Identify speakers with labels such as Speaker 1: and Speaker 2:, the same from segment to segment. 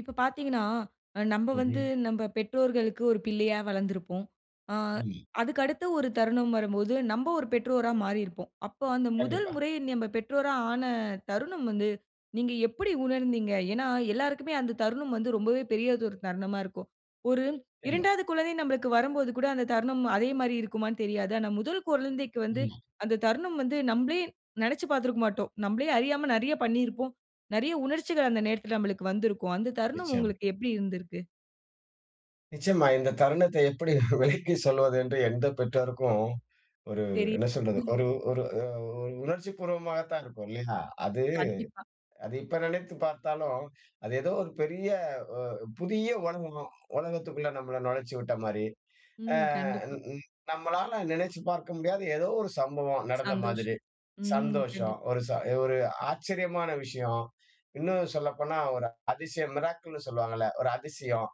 Speaker 1: இப்ப பாத்தீங்கன்னா, நம்ப வந்து
Speaker 2: ம்ஹ்ம்.
Speaker 1: நம்ப பெற்றோர்களுக்கு ஒரு பிள்ளையா வளர்ந்துருப்போம். ஆ,
Speaker 2: ம்.
Speaker 1: அதுக்கடுத்து ஒரு தருணம் வரும்போது, நம்ப ஒரு பெற்றோரா மாறிருப்போம். அப்ப அந்த முதல்
Speaker 2: கண்டிப்பா.
Speaker 1: முறை நம்ப பெற்றோரா ஆன தருணம் வந்து, நீங்க எப்டி உணர்ந்தீங்க? ஏன்னா எல்லாருக்குமே அந்த தருணம் வந்து ரொம்பவே பெரியதொரு தருணமா இருக்கும். ஒரு
Speaker 2: எமா.
Speaker 1: 2வது குழந்தை நம்பளக்கு வரும் போது கூட அந்த தருணம் அதே மாரி இருக்குமான்னு தெரியாது. ஆனா முதல் குழந்தைக்கு வந்து,
Speaker 2: ம்.
Speaker 1: அந்த தருணம் வந்து, நம்பளே நினைச்சி பாத்துருக்க மாட்டோம். நம்பளே அறியாம நிறைய பண்ணியிருப்போம். நிறைய உணர்ச்சிகள் அந்த நேரத்துல நம்பளுக்கு வந்திருக்கும். அந்த தருணம்
Speaker 2: நிச்சயமா.
Speaker 1: உங்களுக்கு எப்டி இருந்திருக்கு?
Speaker 2: நிச்சயமா. இந்த தருணத்த எப்டி விலக்கி சொல்வதென்று எந்த பெற்றோருக்கும், ஒரு
Speaker 1: சரி.
Speaker 2: என்ன சொல்றது? ஒரு, ஒரு அ ஒரு உணர்ச்சி பூர்வமாகத்தான் இருக்கும். இல்லையா? அது
Speaker 1: கண்டிப்பா.
Speaker 2: அது இப்ப நினைத்து பார்த்தாலும், அது ஏதோ ஒரு பெரிய ஒ புதிய உலகம். உலகத்துக்குள்ள நம்மள நுழைச்சு விட்ட மாரி. அ
Speaker 1: ம்.
Speaker 2: ன்
Speaker 1: கண்டிப்பா.
Speaker 2: ன் நம்மளால நினைச்சுப் பார்க்க முடியாத, ஏதோ ஒரு சம்பவம் நடந்த மாதிரி.
Speaker 1: சந்தோஷம்! ம்.
Speaker 2: சந்தோஷம்,
Speaker 1: கண்டிப்பா.
Speaker 2: ஒரு ச ஒரு ஆச்சரியமான விஷயம்! இன்னும் சொல்லப்போனா ஒரு அதிசயம். மிராக்கிள் ன்னு சொல்வாங்கள்ல, ஒரு அதிசயம்.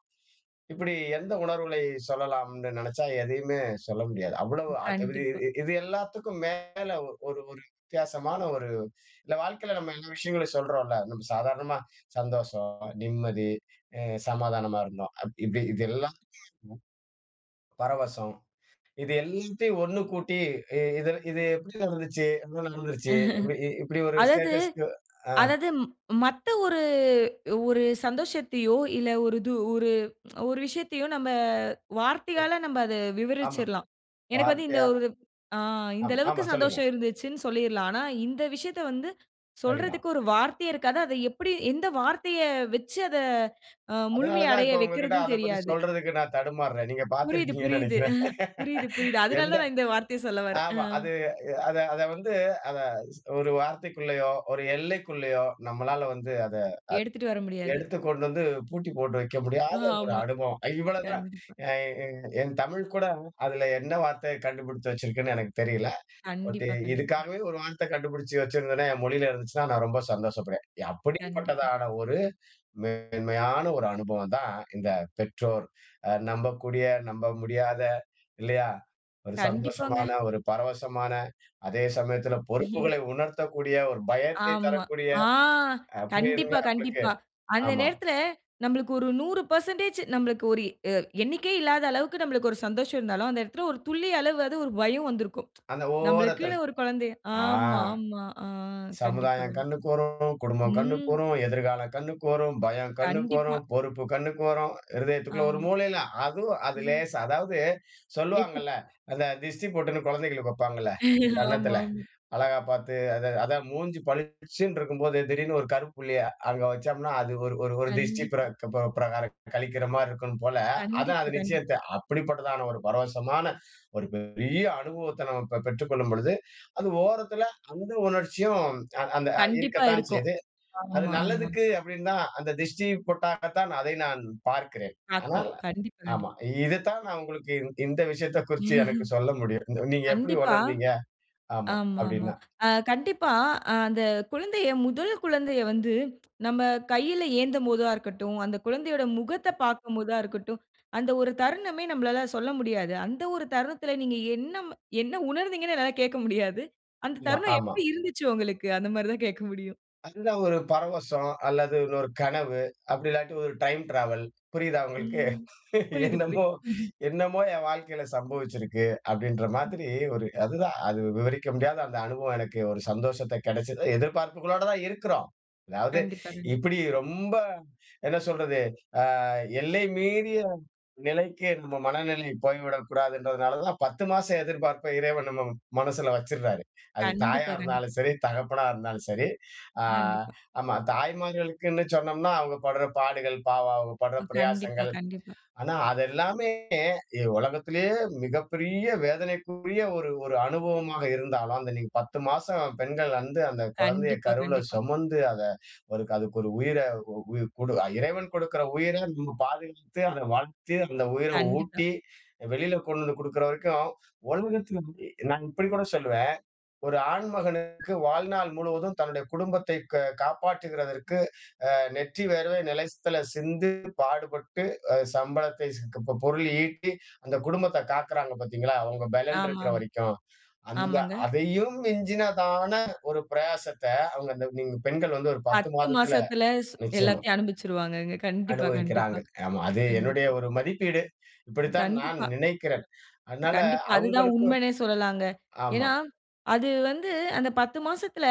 Speaker 2: இப்பிடி எந்த உணர்வுகளை சொல்லலாம்னு நினைச்சா, எதையுமே சொல்ல முடியாது. அவ்வளவு அ இ
Speaker 1: கண்டிப்பா.
Speaker 2: இது எல்லாத்துக்கும் மேல ஒரு ஒரு வித்தியாசமான, ஒரு இல்ல வாழ்க்கைல நாம இந்த விஷயங்கள சொல்கிறோம்ல. நம்ம சாதாரணமா சந்தோஷம், நிம்மதி, அ சமாதானமா இருந்தோம். அப் இப்டி இது எல்லாம் [unintelligible] பரவசம் இது எல்லாத்தையும் ஒண்ணு கூட்டி இது இது எப்படி நடந்துச்சு, என்ன நடந்துச்சு. இப் இ இப்படி ஒரு
Speaker 1: அதாது
Speaker 2: ஸ்டேட்டஸ்‌க்கு ஆ
Speaker 1: அதாது, ம் மத்த ஒரு ஒரு சந்தோஷத்தயோ இல்ல ஒரு இது ஒரு ஒரு விஷயத்தயோ நம்ம
Speaker 2: ஓர்
Speaker 1: வார்த்தையால நம்ப அத
Speaker 2: ஆமா.
Speaker 1: விவரிச்சிரலாம். எனக்கு வந்து இந்த
Speaker 2: வார்த்தையா
Speaker 1: ஒரு அ இந்த
Speaker 2: ஆமா,
Speaker 1: அளவுக்கு
Speaker 2: ஆமா சொல்லுங்க.
Speaker 1: சந்தோஷம் இருந்துச்சுன்னு சொல்லிரலாம். ஆனா, இந்த விஷயத்த வந்து
Speaker 2: சரிதான்.
Speaker 1: சொல்றதுக்கு ஒரு வார்த்தையே இருக்காது அத எப்டி, எந்த வார்த்தைய வச்சு, அத அ
Speaker 2: அதனால
Speaker 1: முழுமை
Speaker 2: தான்
Speaker 1: அடைய
Speaker 2: இப்ப உங்ககிட்ட
Speaker 1: வைக்கிறதுன்னு
Speaker 2: அதபத்தி
Speaker 1: தெரியாது.
Speaker 2: சொல்றதுக்கு நான் தடுமார்றேன். நீங்க
Speaker 1: புரியுது,
Speaker 2: பார்த்திருப்பீங்கன்னு
Speaker 1: புரியுது.
Speaker 2: நினைக்கிறேன்.
Speaker 1: புரியுது, புரியுது. அதனால
Speaker 2: எந்த
Speaker 1: தான் நா இந்த வார்த்தைய சொல்ல வர்றேன். அ.
Speaker 2: ஆமா அது அத, அத வந்து அத ஸ் ஒரு வார்த்தைக்குள்ளயோ, ஒரு எல்லைக்குள்ளயோ நம்மளால வந்து அதை
Speaker 1: எடுத்துட்டு வர முடியாது.
Speaker 2: எடுத்து கொண்டு வந்து பூட்டி போட்டு வைக்க முடியாத ஒரு
Speaker 1: ஆமா.
Speaker 2: அனுபவம். இவ்ளோதான்
Speaker 1: கண்டிப்பா.
Speaker 2: என், என், என் தமிழ் கூட. அதுல என்ன வார்த்தைய கண்டுபிடிச்சு வச்சிருக்குன்னு, எனக்கு தெரியல. பட்
Speaker 1: கண்டிப்பா, கண்டிப்பா.
Speaker 2: இதுக்காகவே ஒரு வார்த்த கண்டபிடிச்சு வச்சிருந்துதுனா? என் மொழியில இருந்துச்சுனா? நான் ரொம்ப சந்தோஷப்படுவேன்.
Speaker 1: கண்டிப்பா.
Speaker 2: அப்படிப்பட்டதான ஒரு மேன்மையான ஒரு அனுபவம் தான், இந்த பெற்றோர். நம்பக்கூடிய, நம்ப முடியாத, இல்லையா? ஒரு
Speaker 1: கண்டிப்பாங்க.
Speaker 2: சந்தோஷமான, ஒரு பரவசமான, அதே சமயத்துல பொறுப்புகளை உணர்த்தக்கூடிய, ஒரு பயத்தை
Speaker 1: ஆமா.
Speaker 2: தரக்கூடிய
Speaker 1: ஆ!
Speaker 2: அ
Speaker 1: கண்டிப்பா,
Speaker 2: புரியிதுங்களா உங்களுக்கு?
Speaker 1: கண்டிப்பா. அந்த
Speaker 2: ஆமா.
Speaker 1: நேரத்துல நம்பளுக்கு ஒரு 100% நம்பளுக்கு ஒரு எ எண்ணிக்கையே இல்லாத அளவுக்கு நம்பளுக்கு ஒரு சந்தோஷம் இருந்தாலும், அந்த இடத்துல ஒரு துளியளவாது அது ஒரு பயம் வந்துருக்கும்.
Speaker 2: அந்த
Speaker 1: ந
Speaker 2: ஓரத்தல
Speaker 1: ம்பளக்குன்னு ஒரு குழந்தய
Speaker 2: ஆ,
Speaker 1: ஆமா ஆமா ஆ, கண்டிப்பாங்க.
Speaker 2: சமுதாயம் கண்ணுக்கு வரும், குடும்பம் கண்ணுக்கு
Speaker 1: ம்.
Speaker 2: வரும், எதிர்காலம் கண்ணுக்கு வரும், பயம் கண்ணுக்கு
Speaker 1: கண்டிப்பா.
Speaker 2: வரும், பொறுப்பு கண்ணுக்கு வரும். இருதயத்திற்குள்ள ஒரு
Speaker 1: ஆமா.
Speaker 2: மூளைல அதுவும் அது லேசா, அதாவது
Speaker 1: எப்புடி?
Speaker 2: சொல்வாங்கள்ல அந்த திஷ்டி பொட்டுனு குழந்தைகளுக்கு வப்பாங்கள்ல
Speaker 1: ஆமா,
Speaker 2: கன்னத்துல
Speaker 1: ஆமா.
Speaker 2: அழகா பாத்து. அத அதான் மூஞ்சி பளிச்சுனு இருக்கும் போது, திடீரென்று ஒரு கருப்புள்ளிய அங்க வைச்சோம்னா அது ஒரு ஒரு திருஷ்டி
Speaker 1: கண்டிப்பா.
Speaker 2: பிரக் பிப பிரகாரம் கழிக்கிற மாரி இருக்கும் போல. அதான்
Speaker 1: கண்டிப்பா,
Speaker 2: அது
Speaker 1: கண்டிப்பா.
Speaker 2: நிச்சயத்த அப்படிப்பட்டதான ஒரு பரவசமான ஒரு பெரிய அனுபவத்தை நாம ப பெற்றுக் கொள்ளும் பொழுது, அது ஓரத்தில அந்த உணர்ச்சியும் அந்த அ
Speaker 1: கண்டிப்பா
Speaker 2: இருக்கத்தான்
Speaker 1: இருக்கும்.
Speaker 2: செய்து. அது
Speaker 1: ஆமா, ஆமா.
Speaker 2: நல்லதுக்கு அப்படின்னுதான், அந்த திஷ்டி பொட்டாகத்தான் அதை நான் பார்க்கிறேன்.
Speaker 1: பாக்றோம்.
Speaker 2: ஆனால்,
Speaker 1: கண்டிப்பா, கண்டிப்பா.
Speaker 2: ஆமா, இது தான் நா உங்களுக்கு இந் இந்த விஷயத்த குறிச்சு எனக்கு சொல்ல முடியும். "நீங்க எப்டி
Speaker 1: கண்டிப்பா.
Speaker 2: உணர்ந்தீங்க?" ஆமா,
Speaker 1: ஆமாமா.
Speaker 2: அப்படின்னா.
Speaker 1: ஆ கண்டிப்பா அந்த குழந்தைய முதல் குழந்தைய வந்து நம்ப கைல ஏந்தம் போதா இருக்கட்டும். அந்த குழந்தையோட முகத்த பார்க்கும்போதா இருக்கட்டும். அந்த ஒரு தருணமே நம்பளால சொல்ல முடியாது. அந்த ஒரு தருணத்துல நீங்க என்ன, என்ன உணர்ந்தீங்கன்னு என்னால கேட்க முடியாது. "அந்த
Speaker 2: மா
Speaker 1: தருணம்
Speaker 2: ஆமா.
Speaker 1: எப்டி இருந்துச்சு உங்களுக்கு?" அந்த மாரி தான் கேட்க முடியும்.
Speaker 2: அந்த ஒரு பரவசம் அல்லது இன்னொரு கனவு அப்படி இல்லாட்டி ஒரு டைம் ட்ராவல், புரியுதா உங்களுக்கு?
Speaker 1: ம். புரியுது, புரியுது.
Speaker 2: என்னமோ, என்னமோ என் வாழ்க்கைல சம்பவிச்சிருக்கு, அப்படின்ற மாதிரி. ஒரு அதுதான் அது விவரிக்க முடியாத அந்த அனுபவம். எனக்கு ஒரு சந்தோஷத்த கிடைச்சது. எதிர்பார்ப்புகளோட தான் இருக்கிறோம். அதாவது
Speaker 1: கண்டிப்பா, கண்டிப்பா.
Speaker 2: இப்பிடி ரொம்ப, என்ன சொல்றது? அ எல்லை மீறிய நிலைக்கு நம்ம மனநிலை போய்விடக்கூடாதுன்றதுனால தான் 10 மாசம் எதிர்பார்ப்ப இறைவன் நம்ம மனசுல வச்சுடறாரு. அது தாயா
Speaker 1: கண்டிப்பா. கண்டிப்பா.
Speaker 2: இருந்தாலும் சரி, தகப்பனா இருந்தாலும் சரி. அ
Speaker 1: கண்டிப்பா.
Speaker 2: ஆமா தாய்மார்களுக்குன்னு சொன்னோம்னா அவங்க படுற பாடுகள். பாவம்! அவங்க படுற
Speaker 1: ஓ! கண்டிப்பா,
Speaker 2: பிரயாசங்கள்.
Speaker 1: கண்டிப்பா.
Speaker 2: ஆனா அது எல்லாமே, எ உலகத்திலயே மிகப்பெரிய வேதனைக்குரிய ஒரு ஒரு அனுபவமாக இருந்தாலும், அந்த நீங்க 10 மாசம் பெண்கள் வந்து, அந்த குழந்தைய
Speaker 1: கண்டிப்பா,
Speaker 2: கருவுல
Speaker 1: கண்டிப்பா.
Speaker 2: சுமந்து, அத ஒரு அதற்கொரு உயிர, உய் கொடு இறைவன் கொடுக்கிற உயிர நம்ம பாதுகாத்து, அத வளர்த்து, அந்த உயிர
Speaker 1: கண்டிப்பா.
Speaker 2: ஊட்டி, வெளில கொண்டு வந்து குடுக்கிற வரைக்கும், உலகத்துல நான் இப்படி கூட சொல்வேன். ஒரு ஆண்மகனுக்கு வாழ்நாள் முழுவதும் தன்னுடைய குடும்பத்தை க காப்பாற்றுகிறதற்கு, அ நெற்றி வேர்வை நிலத்தில சிந்து, பாடுபட்டு அ சம்பளத்தை, ச க ப பொருள் ஈட்டி, அந்த குடும்பத்த காக்கிறாங்க பார்த்தீங்களா! அவுங்க பெலன் இருக்கிற
Speaker 1: ஆமாமா.
Speaker 2: வரைக்கும். அந்த
Speaker 1: ஆமாங்க.
Speaker 2: அதையும் மிஞ்சினதான ஒரு பிரயாசத்த, அவுங்க அந்த நீங்க பெண்கள் வந்து ஒரு 10
Speaker 1: 10
Speaker 2: மாதத்தில
Speaker 1: மாசத்துல ஸ்
Speaker 2: நிச்சயமா.
Speaker 1: எல்லாத்தையும் அனுபவிச்சிருவாங்கக. கண்டிப்பா, கண்டிப்பா,
Speaker 2: அனுபவிக்கிறாங்க. ஆமா. அது என்னுடைய
Speaker 1: கண்டிப்பா.
Speaker 2: ஒரு மதிப்பீடு. இப்படித்தான் நான்
Speaker 1: கண்டிப்பா.
Speaker 2: நினைக்கிறேன். அதனால
Speaker 1: கண்டிப்பா! அது தான்
Speaker 2: அவுங்களுக்கும்
Speaker 1: உண்மைனே சொல்லலாங்க.
Speaker 2: ஆமா.
Speaker 1: ஏன்னா அது வந்து, அந்த 10 மாசத்தில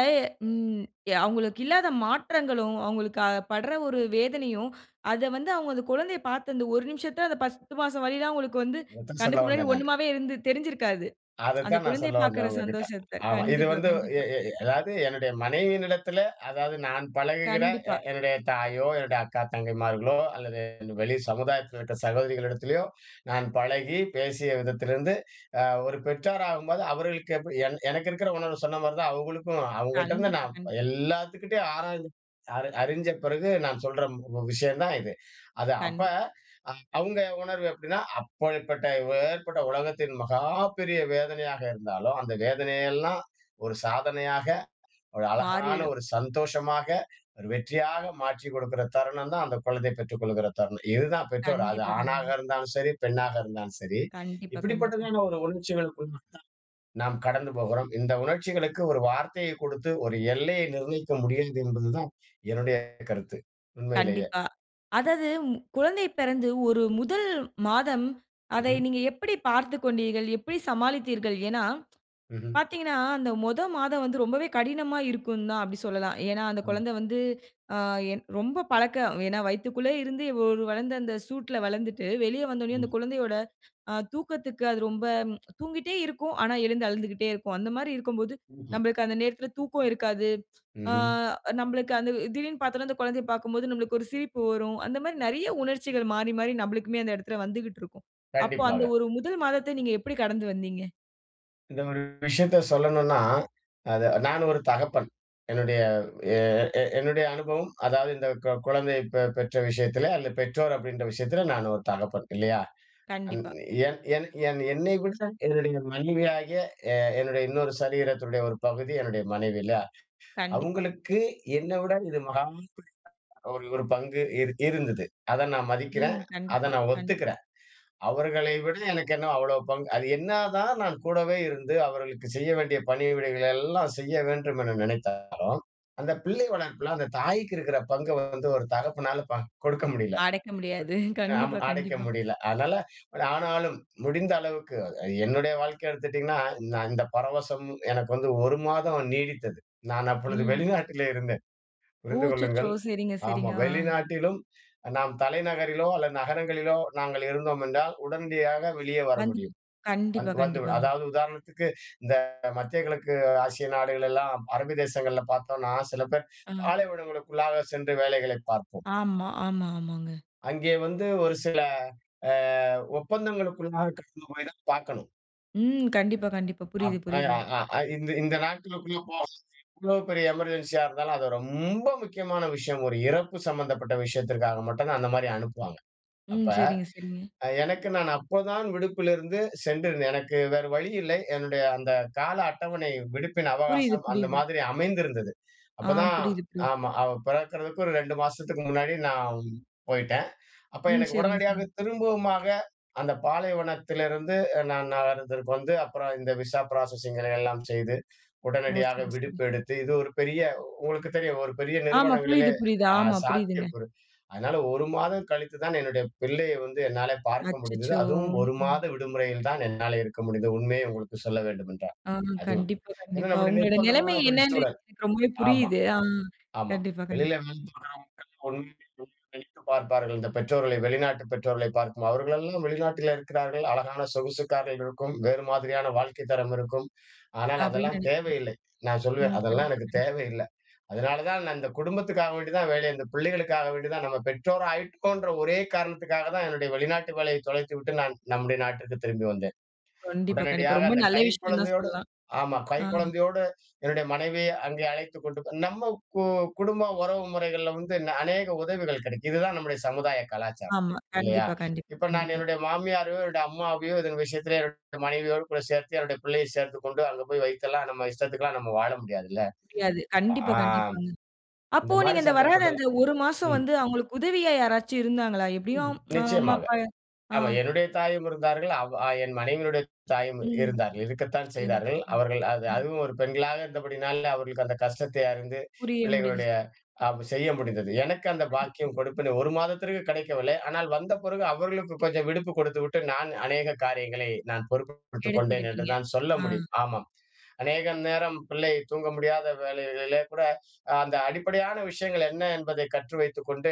Speaker 1: ம் அவுங்களுக்கு இல்லாத மாற்றங்களும், அவுங்களுக்கு அ பட்ற ஒரு வேதனையும், அத வந்து அவுங்க அந்த குழந்தைய பாத்த அந்த ஒரு நிமிசத்த, அந்த 10 மாசம் வலிலாம் அவங்களுக்கு வந்து
Speaker 2: அதைத்தான் சொல்ல
Speaker 1: கண்ணுக்கு முன்னாடி
Speaker 2: வந்தேன் நானு
Speaker 1: ஒண்ணுமாவே இரு தெரிஞ்சிருக்காது, அந்த
Speaker 2: அதைத்தான் நான்
Speaker 1: குழந்தைய
Speaker 2: சொல்ல
Speaker 1: பாக்கிற
Speaker 2: வந்தேன் உங்க கிட்ட.
Speaker 1: சந்தோஷத்த.
Speaker 2: ஆமா. இது
Speaker 1: கண்டிப்பா,
Speaker 2: வந்து எ
Speaker 1: கண்டிப்பா.
Speaker 2: எ எ அதாவது என்னுடைய மனைவியினிடத்தில, அதாவது நான் பழகுகிற எ
Speaker 1: கண்டிப்பா.
Speaker 2: என்னுடைய தாயோ, என்னுடைய அக்கா தங்கைமார்களோ, அல்லது வெளி சமுதாயத்தில இருக்கிற சகோதரிகளிடத்திலயோ, நான் பழகி பேசிய விதத்திலிருந்து அ ஒரு பெற்றோரகும்போது அவர்களுக்கு எப்டி என் எனக்கு இருக்கிற உணர்வு சொன்ன மாதிரி தான் அவுங்களுக்கும். அவுங்க கிட்டேருந்து.
Speaker 1: கண்டிப்பா,
Speaker 2: நான்
Speaker 1: கண்டிப்பா.
Speaker 2: எல்லாத்துக்கிட்டேயும் ஆராய்ந்து அறி அறிஞ்ச பிறகு நான் சொல்ற ம் விஷயம் தான் இது. அது அப்ப
Speaker 1: கண்டிப்
Speaker 2: அ அவங்க உணர்வு எப்டின்னா அப்டிப்பட்ட எப்பேர்பட்ட உலகத்தின் மகாப்பெரிய வேதனையாக இருந்தாலும், அந்த வேதனையெல்லாம், ஒரு சாதனையாக ஒரு அழகான
Speaker 1: மாறிடும்.
Speaker 2: ஒரு சந்தோஷமாக, ஒரு வெற்றியாக மாற்றிக் கொடுக்குற தருணம் தான், அந்த குழந்தைய பெற்றுக் கொள்கிற தருணம். இது தான் பெற்றோர், அது
Speaker 1: கண்டிப்பா.
Speaker 2: ஆணாக
Speaker 1: கண்டிப்பா.
Speaker 2: இருந்தாலும் சரி, பெண்ணாக இருந்தாலும் சரி,
Speaker 1: கண்டிப்பா. கண்டிப்பா.
Speaker 2: இப்படிப்பட்டதான ஒரு உணர்ச்சிகளுக்கு நாம் கடந்து போகிறோம். இந்த உணர்ச்சிகளுக்கு ஒரு வார்த்தையை கொடுத்து ஒரு எல்லையை நிர்ணயிக்க முடியாது என்பது தான் என்னுடைய கருத்து உண்மையிலயே.
Speaker 1: கண்டிப்பா. அதாது ம் குழந்தை பிறந்து ஒரு முதல் மாதம், அதை
Speaker 2: ம்ஹ்ம்.
Speaker 1: நீங்க எப்பிடி பார்த்துக் கொண்டீர்கள்? எப்பிடி சமாளித்தீர்கள்? ஏன்னா,
Speaker 2: ம்ஹ்ம்
Speaker 1: பாத்தீங்கன்னா, அந்த மொதொ மாதம் வந்து ரொம்பவே கடினமா இருக்குங்தான். அப்டி சொல்லலாம். ஏன்னா அந்த
Speaker 2: ஆமா.
Speaker 1: குழந்தை வந்து ஆ, என் ரொம்ப பழக்க ஏன்னா வயித்துக்குள்ளருந்து ஒரு வளர்ந்த, அந்த சூட்‌ல வளந்துட்டு வெளிய வந்த உடனே அந்த
Speaker 2: ம்.
Speaker 1: குழந்தையோட, அ தூக்கத்துக்கு அது ரொம்ப தூங்கிட்டே இருக்கும். ஆனா எழுந்து அழுந்துகிட்டே இருக்கும். அந்த மாரி இருக்கம் போது,
Speaker 2: ம்ஹ்ம்.
Speaker 1: நமபளுக்கு அந்த நேரத்துல தூக்கம் இருக்காது. ஆ,
Speaker 2: ம்ஹ்ம்.
Speaker 1: அந்த நம்பளுக்கு திடீர் என்று பாத்தோனா, அந்த குழந்தைய பாக்கும்போது நம்பளுக்கு ஒரு சிரிப்பு வரும். அந்த மாரி நிறைய உணர்ச்சிகள் மாறி மாறி நம்பளுக்குமே அந்த இடத்துல வந்துகிட்டு இருக்கும். அப்போ அந்த
Speaker 2: கண்டிப்பாக.
Speaker 1: ஒரு முதல் மாதத்த நீங்க எப்டி கடந்து வந்தீங்க?
Speaker 2: இந்த ஒரு விஷயத்த சொல்லணும்னா, அது நான் ஒரு தகப்பன். என்னுடைய ஏ எ என்னுடைய அனுபவம் அதாவது இந்த கொ கொழந்தையை பெ பெற்ற விஷயத்துல அல்ல. பெற்றோர் அப்படின்ற விஷயத்துல நான் ஒரு தகப்பன் இல்லையா? அ
Speaker 1: கண்டிப்பா.
Speaker 2: என் என் என் என்னைய விட என்னுடைய மனைவியாகிய எ என்னுடைய இன்னொரு சரீரத்தினுடைய ஒரு பகுதி என்னுடைய மனைவி இல்லயா?
Speaker 1: கண்டிப்பா.
Speaker 2: அவுங்களுக்கு என்ன விட இது மகா பெரிய ஒரு ஒரு பங்கு இரு இருந்தது. அத நான் மதிக்கிறேன்.
Speaker 1: ம்
Speaker 2: அத
Speaker 1: கண்டிப்பா,
Speaker 2: நான்
Speaker 1: கண்டிப்பா.
Speaker 2: ஒத்துக்குறேன். அவர்களை விட எனக்கு என்ன அவ்ளோ பங்கு? அது என்னா தான் நான் கூடவே இருந்து அவர்களுக்கு செய்ய வேண்டிய பணிவிடைகள எல்லாம் செய்ய வேண்டும் என நினைத்தாலும், அந்த பிள்ளை வளர்ப்புல அந்த தாய்க்கு இருக்குற பங்க வந்து ஒரு தகப்பனால பா கொடுக்க முடியல.
Speaker 1: அடைக்க முடியாது.
Speaker 2: ஆமா
Speaker 1: கண்டிப்பா,
Speaker 2: அடைக்க
Speaker 1: கண்டிப்பா.
Speaker 2: முடியல. அதனால ஆனாலும் முடிந்த அளவுக்கு என்னுடைய வாழ்க்கைய எடுத்துட்டீங்கன்னா நான் இந்த பரவசம் எனக்கு வந்து 1 மாதம் நீடித்தது. நான் அப்பொழுது
Speaker 1: ம்.
Speaker 2: வெளிநாட்டிலே இருந்தேன்,
Speaker 1: ஓ!
Speaker 2: புரிந்து
Speaker 1: அச்சச்சோ!
Speaker 2: கொள்ளுங்கள்.
Speaker 1: சரிங்க,
Speaker 2: ஆமா
Speaker 1: சரிங்க, ஆ.
Speaker 2: வெளிநாட்டிலும் நாம் தலைநகரிலோ அல்லது நகரங்களிலோ நாங்கள் இருந்தோம் என்றால் உடனடியாக வெளியே வர
Speaker 1: அது
Speaker 2: முடியும்.
Speaker 1: கண்டிப்பா,
Speaker 2: வந்-வந்து
Speaker 1: கண்டிப்பாங்க.
Speaker 2: அதாவது உதாரணத்துக்கு இந்த மத்திய கிழக்கு ஆசிய நாடுகள் எல்லாம் அரபு தேசங்கள்ல பாத்தோம்னா சில பேர்
Speaker 1: ஆ.
Speaker 2: பாலைவனங்களுக்குள்ளாக சென்று வேலைகளைப் பார்ப்போம்.
Speaker 1: ஆமா, ஆமா, ஆமாங்க.
Speaker 2: அங்கே வந்து ஒரு சில அ ஒப்பந்தங்களுக்குள்ளாக கடந்து போயி தான் பாக்கணும்.
Speaker 1: ம். கண்டிப்பா, கண்டிப்பா. புரியுது,
Speaker 2: அப் அ
Speaker 1: புரியுது.
Speaker 2: அ இந்த இந்த நாட்களுக்குள்ள [unintelligible] எவ்வளோ பெரிய எமர்ஜென்ஸியா இருந்தாலும் அது ரொம்ப முக்கியமான விஷயம். ஒரு இறப்பு சம்மந்தப்பட்ட விஷயத்திற்காக மட்டும் தான் அந்த மாரி அனுப்புவாங்க. அப்ப
Speaker 1: ம். சரிங்க, சரிங்க.
Speaker 2: அ எனக்கு நான் அப்போதான் விடுப்பிலிருந்து சென்றிருந்தேன். எனக்கு வேறு வழி இல்லை. என்னுடைய அந்த கால அட்டவணை விடுப்பின்
Speaker 1: புரியுது,
Speaker 2: அவகாசம் அந்த
Speaker 1: புரியுது.
Speaker 2: மாதிரி அமைந்திருந்தது.
Speaker 1: ஆ.
Speaker 2: அப்பதான்
Speaker 1: புரியுது, புரியுது.
Speaker 2: ஆமா. அவ பிறக்கறதுக்கு ஒரு 2 மாசத்துக்கு முன்னாடி நான் போயிட்டேன். அப்ப
Speaker 1: ம்.
Speaker 2: எனக்கு
Speaker 1: சரிங்க, சரிங்.
Speaker 2: உடனடியாக திரும்பவுமாக அந்த பாலைவனத்திலிருந்து நான் நகரத்திற்கு வந்து, அப்பறம் இந்த விசா ப்ராசஸிங்கிற எல்லாம் செய்து
Speaker 1: ஓ!
Speaker 2: உடனடியாக
Speaker 1: சரி, சரி.
Speaker 2: விடுப்பு எடுத்து, இது ஒரு பெரிய உங்களுக்கு தெரியும். ஒரு பெரிய
Speaker 1: ஆமா.
Speaker 2: நிறுவனங்களிலே
Speaker 1: புரியுது, புரியுது.
Speaker 2: அ
Speaker 1: ஆமா, புரியுதுங்க.
Speaker 2: சாத்தியக்கூறு அதனால 1 மாதம் கழித்து தான் என்னுடைய பிள்ளையை வந்து என்னால பார்க்க முடிந்தது.
Speaker 1: அச்சச்சோ!
Speaker 2: அதுவும் 1
Speaker 1: ம்.
Speaker 2: மாத விடுமுறையில் தான் என்னால இருக்க முடிந்தது. உண்மையை உங்களுக்கு சொல்ல வேண்டுமென்றால்
Speaker 1: ஆ.
Speaker 2: அதுவும்.
Speaker 1: கண்டிப்பா,
Speaker 2: என்னன்னா
Speaker 1: கண்டிப்பா.
Speaker 2: நம்முடைய
Speaker 1: உங்களோட நிலைமை
Speaker 2: நிர்பந்தமான ஒரு
Speaker 1: என்னன்னு
Speaker 2: சூழல்.
Speaker 1: எனக்கு ரொம்பவே
Speaker 2: ஆமா,
Speaker 1: புரியுது. ஆ.
Speaker 2: ஆமா.
Speaker 1: கண்டிப்பா, கண்டிப்பா.
Speaker 2: வெளியில நினைத்து [unintelligible] பார்ப்பார்கள் இந்த பெற்றோர்களை வெளிநாட்டு பெற்றோர்களை பார்க்கும், அவர்களெல்லாம் வெளிநாட்டிலே இருக்கிறார்கள். அழகான சொகுசுக்கார்கள் இருக்கும். வேறு மாதிரியான வாழ்க்கை தரம் இருக்கும். ஆனால்
Speaker 1: அப்படீன்னு
Speaker 2: அதெல்லாம்
Speaker 1: நெனைப்போம்
Speaker 2: தேவையில்லை. நான் சொல்லுவேன்
Speaker 1: ம்.
Speaker 2: அதெல்லாம்
Speaker 1: கண்டிப்பா,
Speaker 2: எனக்கு
Speaker 1: கண்டிப்பா.
Speaker 2: தேவை இல்ல. அதனால தான் நான் இந்த குடும்பத்துக்காக வேண்டிதான் வேலை அந்த பிள்ளைகளுக்காக வேண்டிதான். நம்ம பெற்றோர் ஆயிருக்கோன்ற ஒரே காரணத்துக்காக தான் என்னுடைய வெளிநாட்டு வேலையை தொலைத்து விட்டு, நான் நம்முடைய நாட்டிற்கு திரும்பி வந்தேன்.
Speaker 1: கண்டிப்பா, கண்டிப்பா.
Speaker 2: உடனடியாக
Speaker 1: ரொம்ப
Speaker 2: அந்த
Speaker 1: நல்ல
Speaker 2: கை
Speaker 1: விஷயம் தான்
Speaker 2: குழந்தையோடு
Speaker 1: சொல்லலாம்.
Speaker 2: ஆமா. கை
Speaker 1: ஆ.
Speaker 2: குழந்தையோடு என்னுடைய மனைவி அங்கே அழைத்துக் கொண்டு நம்ம போ குடும்ப உறவு முறைகள்ல வந்து ந அநேக உதவிகள் கிடைக்கும். இதுதான் நம்முடைய சமுதாய கலாச்சாரம்
Speaker 1: ஆமா.
Speaker 2: இல்லையா?
Speaker 1: கண்டிப்பா, கண்டிப்பா,
Speaker 2: இப்ப நான்
Speaker 1: கண்டிப்பா.
Speaker 2: என்னுடைய மாமியாரையோ என்னுடைய அம்மாவையோ இதன் விஷயத்தில என்னுடைய மனைவியோடு கூட சேர்த்து என்னுடைய பிள்ளையை சேர்த்து கொண்டு அங்க போய் வைத்தெல்லாம் நம்ம இஷ்டத்துக்குலாம் நம்ம வாழ முடியாது இல்ல?
Speaker 1: முடியாது.
Speaker 2: அப்ப
Speaker 1: கண்டிப்பா,
Speaker 2: ஆ
Speaker 1: கண்டிப்பாங்க. அப்போ
Speaker 2: இந்த மாரி
Speaker 1: நீங்க இந்த வராத
Speaker 2: சந்தர்ப்பத்தில
Speaker 1: இந்த 1 மாசம்
Speaker 2: ம்.
Speaker 1: வந்து அவங்களுக்கு உதவியா யாராச்சு இருந்தாங்களா? எப்படியும்
Speaker 2: ம்.
Speaker 1: அம்மா,
Speaker 2: நிச்சியமாக.
Speaker 1: அப்பா. ஆ.
Speaker 2: ஆமா என்னுடைய தாயும் இருந்தார்கள். அவ் என் மனைவியினுடைய தாயும்
Speaker 1: ம்.
Speaker 2: இருந்தார்கள். இருக்கத்தான்
Speaker 1: சரிங்க,
Speaker 2: செய்தார்கள்.
Speaker 1: சரிங்க.
Speaker 2: அவர்கள் அது
Speaker 1: ம்.
Speaker 2: அதுவும் ஒரு பெண்களாக இருந்தபடியினால அவர்களுக்கு அந்த கஷ்டத்தை அறிந்து
Speaker 1: புரிய முடிஞ்சுச்சு.
Speaker 2: பிள்ளைகளுடைய அம் செய்ய முடிந்தது. எனக்கு அந்த
Speaker 1: கண்டிப்பா.
Speaker 2: பாக்கியம், கொடுப்பினை 1 மாதத்திற்கு கிடைக்கவில்லை. ஆனால் வந்த பிறகு அவர்களுக்கு கொஞ்சம் விடுப்பு கொடுத்துவிட்டு, நான் அநேக காரியங்களை நான் பொறுப்பு எடுத்துக் கொண்டேன் என்று
Speaker 1: எடுத்துக்கிட்டீங்க.
Speaker 2: தான் சொல்ல
Speaker 1: ஆ.
Speaker 2: முடியும். ஆமாம். அநேக நேரம் பிள்ளை தூங்க முடியாத வேளைகளிலே கூட அந்த அடிப்படையான விஷயங்கள் என்ன என்பதை கற்று வைத்துக் கொண்டு,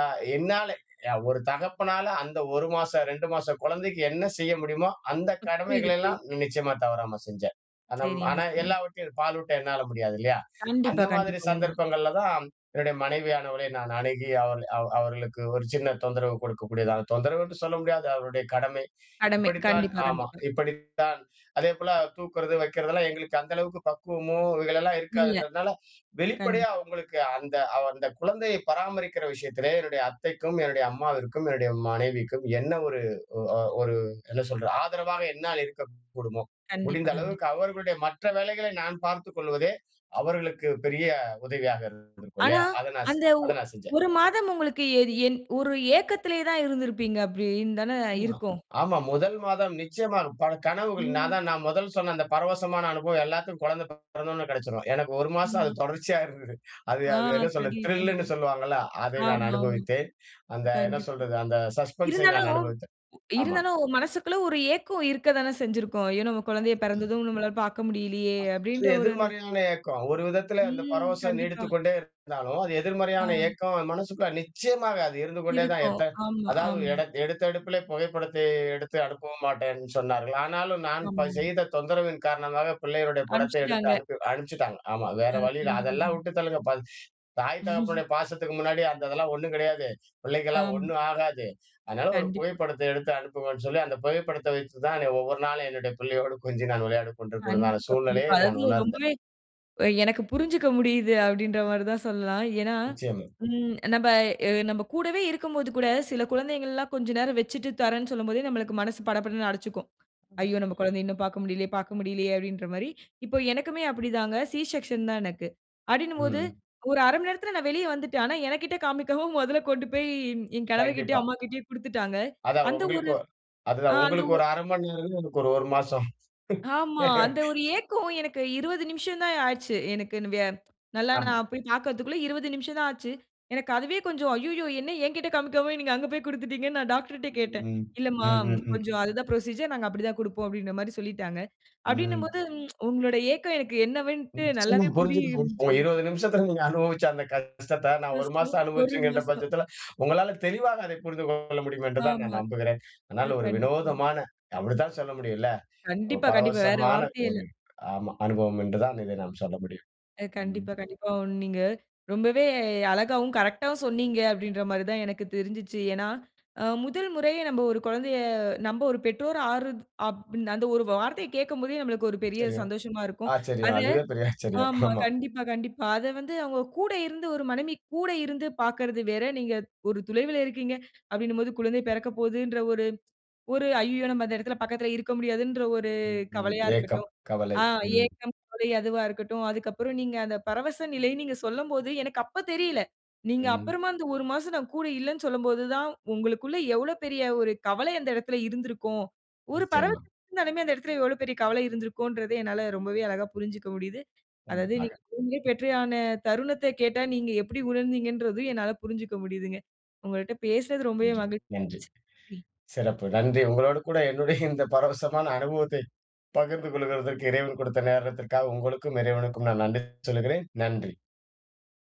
Speaker 2: அ என்னாலே அ ஒரு தகப்பனால அந்த 1 மாச, 2 மாசக் கொழந்தைக்கு என்ன செய்ய முடியுமோ அந்த
Speaker 1: அ புரியுது,
Speaker 2: கடமைகளை
Speaker 1: புரியுது.
Speaker 2: எல்லாம் நிச்சியமா தவறாம செஞ்சேன். அந்த ம்
Speaker 1: சரிங்க,
Speaker 2: ஆனா
Speaker 1: சரிங்க.
Speaker 2: எல்லாவற்றையும் பாலூட்ட என்னால முடியாது இல்லையா?
Speaker 1: கண்டிப்பா,
Speaker 2: அந்த மாதிரி
Speaker 1: கண்டிப்பா. உண்ம.
Speaker 2: சந்தர்ப்பங்கள்ல தான் என்னுடைய மனைவியானவளை நான் அணுகி அவள் அவ் அவர்களுக்கு ஒரு சின்ன தொந்தரவு கொடுக்கக்கூடியதாக, தொந்தரவென்று சொல்ல முடியாது. அவர்களுடைய கடமை.
Speaker 1: கடமை.
Speaker 2: இப்டித்தான்
Speaker 1: கண்டிப்பா,
Speaker 2: ஆமா.
Speaker 1: கண்டிப்பா.
Speaker 2: இப்டித்தான் அதேபோல தூக்குறது, வைக்கிறது எல்லாம் எங்களுக்கு அந்த அளவுக்கு பக்குவமோ இதுலெல்லாம்
Speaker 1: இல்ல.
Speaker 2: இருக்காதுன்றதுனால வெளிப்படையா
Speaker 1: கண்டிப்
Speaker 2: அவங்களுக்கு அந்த அந்த குழந்தையை பராமரிக்கிற விஷயத்திலே என்னுடைய அத்தைக்கும் என்னுடைய அம்மாவிற்கும், என்னுடைய மனைவிக்கும் என்ன ஒரு ஒ அ ஒரு என்ன சொல்றது? ஆதரவாக என்னால் இருக்கக்கூடுமோ முடிந்த
Speaker 1: கண்டிப்பா, கண்டிப்பா.
Speaker 2: அளவுக்கு அவர்களுடைய மற்ற வேலைகளை நான் பார்த்துக் கொள்வதே அவர்களுக்கு பெரிய உதவியாக இருந்திருக்கும்
Speaker 1: ஆனா
Speaker 2: இல்லையா? அத நா செ
Speaker 1: அந்த ஒ
Speaker 2: அத நான் செஞ்சேன்.
Speaker 1: 1 மாதம் உங்களுக்கு எது என் ஒரு ஏக்கத்திலயே தான் இருந்திருப்பீங்க அப்படீன்னு தானே
Speaker 2: உ ஆ
Speaker 1: இருக்கும்.
Speaker 2: ஆமா 1 மாதம் நிச்சியமா பல கனவுகள். நான்
Speaker 1: ம்.
Speaker 2: தான் நான் முதல் சொன்ன அந்த பரவசமான அனுபவம் எல்லாத்துக்கும் குழந்தை பிறந்த உடனே கிடைச்சுரும். எனக்கு 1 மாசம் அது
Speaker 1: ஆமா.
Speaker 2: தொடர்ச்சியா இருந்தது. அது
Speaker 1: ஆ.
Speaker 2: அது என்ன சொல்றது
Speaker 1: கண்டி
Speaker 2: த்ரில்லுன்னு
Speaker 1: கண்டிப்பா.
Speaker 2: சொல்லுவாங்கல்ல அதை நான்
Speaker 1: ஆமாமா.
Speaker 2: அனுபவித்தேன். அந்த என்ன
Speaker 1: கண்டிப்பா.
Speaker 2: சொல்றது? அந்த சஸ்பென்ஸை நான்
Speaker 1: இருந்தாலும்
Speaker 2: அனுபவித்தேன். ஆமா.
Speaker 1: இருந்தாலும் மனசுக்குள்ள ஒரு ஏக்கம் இருக்க தானே செஞ்சுருக்கும். "ஐயோ! நம்ம குழந்தைய
Speaker 2: [unintelligible]
Speaker 1: பிறந்ததும் நம்மாளால பார்க்க முடியலையே" அப்டின்ற
Speaker 2: [unintelligible]
Speaker 1: ஒரு அந்த
Speaker 2: எதிர்மறையான ஏக்கம். ஒரு விதத்தில இந்த
Speaker 1: ம்.
Speaker 2: பரவசம்
Speaker 1: கண்டிப்பா.
Speaker 2: நீடித்துக் கொண்டே இருந்தாலும், அது
Speaker 1: ஆ.
Speaker 2: எதிர்மறையான ஏக்கம் மனசுக்குள்ள நிச்சியமாக அது இருந்து கொண்டே தான்
Speaker 1: இருக்கும்.
Speaker 2: எத்த
Speaker 1: ஆமா,
Speaker 2: அதாவது
Speaker 1: ஆமா.
Speaker 2: எடத் எடுத்த எடுப்பிலே புகைப்படத்தை எடுத்து அனுப்பவும் மாட்டேன்னு சொன்னார்கள். ஆனாலும் நான் ப
Speaker 1: ஆமாமா.
Speaker 2: செய்த தொந்தரவின் காரணமாக பிள்ளையுடைய படத்தை எடுத்து
Speaker 1: அனுப்பிச்சுட்டாங்க.
Speaker 2: அனுப்பி அனுப்பிச்சுட்டாங்க. ஆமா. வேற
Speaker 1: ஆ.
Speaker 2: வழி இல்ல. அதெல்லாம்
Speaker 1: கண்டிப்பாங்க.
Speaker 2: வுட்டுத் தள்ளுங்க. பல் தாய் தகப்பனுடைய பாசத்துக்கு முன்னாடி அந்த இதெல்லாம் ஒண்ணும் கிடையாது. பிள்ளைக்கலாம்
Speaker 1: ஆம்.
Speaker 2: ஒண்ணும் ஆகாது. அதனால ஒரு
Speaker 1: கண்டிப்பா.
Speaker 2: புகைப்படத்தை எடுத்து அனுப்புங்கன்னு சொல்லி, அந்த புகைப்படத்தை வச்சு தான் ஒவ்வொரு நாளும் என்னுடைய பிள்ளையோடு கொஞ்சி நான் விளையாடிக் கொண்டிருக்க உடனான
Speaker 1: கண்டிப்பா,
Speaker 2: சூழ்நிலையை
Speaker 1: கண்டிப்பா.
Speaker 2: நான்
Speaker 1: அதாவது
Speaker 2: உணர்ந்தேன்.
Speaker 1: ரொம்பவே அ எனக்கு புரிஞ்சுக்க முடியுது அப்டின்ற மாதிரி தான் சொல்லலாம் ஏன்னா
Speaker 2: நிச்சியமா.
Speaker 1: ம் நம்ப அ நம்ப கூடவே இருக்கும்போது கூட சில குழந்தைங்கலாம் கொஞ்சம் நேரம் வச்சுட்டு தரேன்னு சொல்லும்போதே நமக்கு மனசு பட படன்னு அடிச்சுக்கும்.
Speaker 2: ம்.
Speaker 1: "ஐயோ! நம்ப குழந்தைய இன்னும் பார்க்க முடியலையே பார்க்க முடியலையே" அப்டின்ற மாரி. இப்ப எனக்குமே அப்டிதாங்க. சி செக்ஷன் தான் எனக்கு. அப்டின்னுபோது
Speaker 2: ம்.
Speaker 1: ஒரு 1/2 மணி நேரத்தில நான் வெளிய வந்துட்டேன். ஆனா என்கிட்ட காமிக்காம முதல்ல கொண்டு போய் என் கணவர்கிட்டயும்,
Speaker 2: கண்டிப்பா.
Speaker 1: அம்மாகிட்டயும் குடுத்துட்டாங்க.
Speaker 2: அதான்
Speaker 1: அந்த ஒரு
Speaker 2: உங்களுக்கும் ஒ
Speaker 1: அ
Speaker 2: அதுதான்
Speaker 1: அந்த
Speaker 2: உங்களுக்கு
Speaker 1: ஒ
Speaker 2: ஒரு 1/2 மணி நேரம். எனக்கு ஒரு 1 மாசம்.
Speaker 1: ஆமா. அந்த ஒரு ஏக்கம். எனக்கு 20 நிமிஷம் தான் ஆச்சு. எனக்குன்னு வியா நல்லா
Speaker 2: ஆமா.
Speaker 1: நான் போய் பார்க்கறதுக்குள்ள 20 நிமிஷம் தான் ஆச்சு. எனக்கு அதுவே கொஞ்சம் ஐய்யய்யோ! என்ன என்கிட்ட காமிக்காம நீங்க அங்க போய் குடுத்துட்டீங்கன்னு நான் டாக்டர்ட்டயே
Speaker 2: ம்
Speaker 1: கேட்டேன்
Speaker 2: ம்.
Speaker 1: "இல்லம்மா
Speaker 2: ம். ம்.
Speaker 1: கொஞ்சம் அதுதான் ப்ரொசீஜர் நாங்க அப்டி தான் குடுப்போம்" அப்டின்ற மாரி சொல்லிட்டாங்க.
Speaker 2: ம்.
Speaker 1: அப்டின்னும்போது உங்களுடைய ஏக்கம் எனக்கு என்னவென்ட்டு
Speaker 2: நிச்சியமா
Speaker 1: நல்லாவே
Speaker 2: புரிஞ்சுதுங்க.
Speaker 1: புரியுஞ்சு.
Speaker 2: ஒரு 20 நிமிஷத்தில நீங்க அனுபவிச்ச அந்த கஷ்டத்த நான் 1 மாசம்
Speaker 1: [unintelligible] 1
Speaker 2: அனுபவிச்சேங்கின்ற
Speaker 1: மாசம்.
Speaker 2: பட்சத்தில உங்களால தெளிவாக அதை புரிந்து கொள்ள முடியும் என்றுதான்
Speaker 1: ஆமா.
Speaker 2: நான் நம்புகிறேன்.
Speaker 1: இது
Speaker 2: அதனால ஒரு
Speaker 1: கண்டிப்பாங்க.
Speaker 2: வினோதமான அப்டித்தான் சொல்ல முடியும் இல்ல? ஒரு
Speaker 1: கண்டிப்பா, கண்டிப்பா. வேற
Speaker 2: பரவசமான
Speaker 1: வார்த்தையே இல்ல.
Speaker 2: ஒரு ஆமா. அனுபவம் என்று தான் இதை நாம் சொல்ல முடியும்.
Speaker 1: அ
Speaker 2: ம்.
Speaker 1: கண்டிப்பா, கண்டிப்பா. ஒண் நீங்க ரொம்பவே அழகாவும் கரெக்டாவும் சொன்னீங்க அப்டின்ற மாரி தான் எனக்கு தெரிஞ்சுச்சு. ஏன்னா அ 1 முறையா நம்ப ஒரு குழந்தையை நம்ப ஒரு பெற்றோரா ஆறத் அப் அந்த ஒரு வார்த்தையை கேட்கும் போதே நமக்கு ஒரு பெரிய
Speaker 2: தெரியும்.
Speaker 1: சந்தோஷமா இருக்கும்.
Speaker 2: ஆச்சரியம்.
Speaker 1: அத
Speaker 2: அதுவே பெரிய ஆச்சரியம்.
Speaker 1: ஆமா.
Speaker 2: ஆமா.
Speaker 1: கண்டிப்பா, கண்டிப்பா. அத வந்து அவங்க கூட இருந்து ஒரு மனைவி கூட இருந்து பார்க்கறது வேற. நீங்க ஒரு துலைவில இருக்கீங்க அப்டின்னும் போது குழந்தை பிறக்க போதுன்ற ஒரு ஒரு "ஐய்யயோ! நம்ம அந்த இடத்தில பக்கத்தில இருக்க முடியாதுன்ற ஒரு
Speaker 2: ம். ம்.
Speaker 1: கவலையா
Speaker 2: ஏக்கம்,
Speaker 1: இருக்கட்டும்,
Speaker 2: கவலை.
Speaker 1: ஆ
Speaker 2: ம்.
Speaker 1: ஏக்கம், கவலை அதுவா இருக்கட்டும். அதுக்கப்பறம் நீங்க அந்த பரவச நிலை, நீங்க சொல்லும் போது எனக்கு அப்பத் தெரியல. நீங்க
Speaker 2: ம்.
Speaker 1: அப்பறமா இந்த 1 மாசம் நான் கூட இல்லைன்னு சொல்லும்போது தான் உங்களுக்குள்ள எவ்வளவு பெரிய ஒரு கவலை அந்த இடத்தில இருந்திருக்கும். ஒரு பர
Speaker 2: நிச்சியமா.
Speaker 1: இருந்தாலுமே அந்த இடத்தில எவ்வளவு பெரிய கவலை இருந்திருக்கும்ன்றதை என்னால ரொம்பவே அழகா புரிஞ்சுக்க முடியுது. அதாவது
Speaker 2: கண்டிப்பாக.
Speaker 1: நீங்க [unintelligible] தருணத்தை கேட்டா நீங்க எப்டி உணர்ந்தீங்கன்றது என்னால புரிஞ்சுக்க முடியுதுங்க. உங்கள்ட்ட பேசுனது ரொம்பவே
Speaker 2: நன்றி,
Speaker 1: மகிழ்ச்சியா
Speaker 2: நன்றி.
Speaker 1: இருந்துச்சு. நன்றி.
Speaker 2: சிறப்பு. நன்றி, உங்களோடு கூட என்னுடைய இந்த பரவசமான அனுபவத்தை பகிர்ந்து கொள்கிறதற்கு இறைவன் கொடுத்த நேரத்திற்காக உங்களுக்கும் இறைவனுக்கும் நான் நன்றி சொல்லுகிறேன். நன்றி!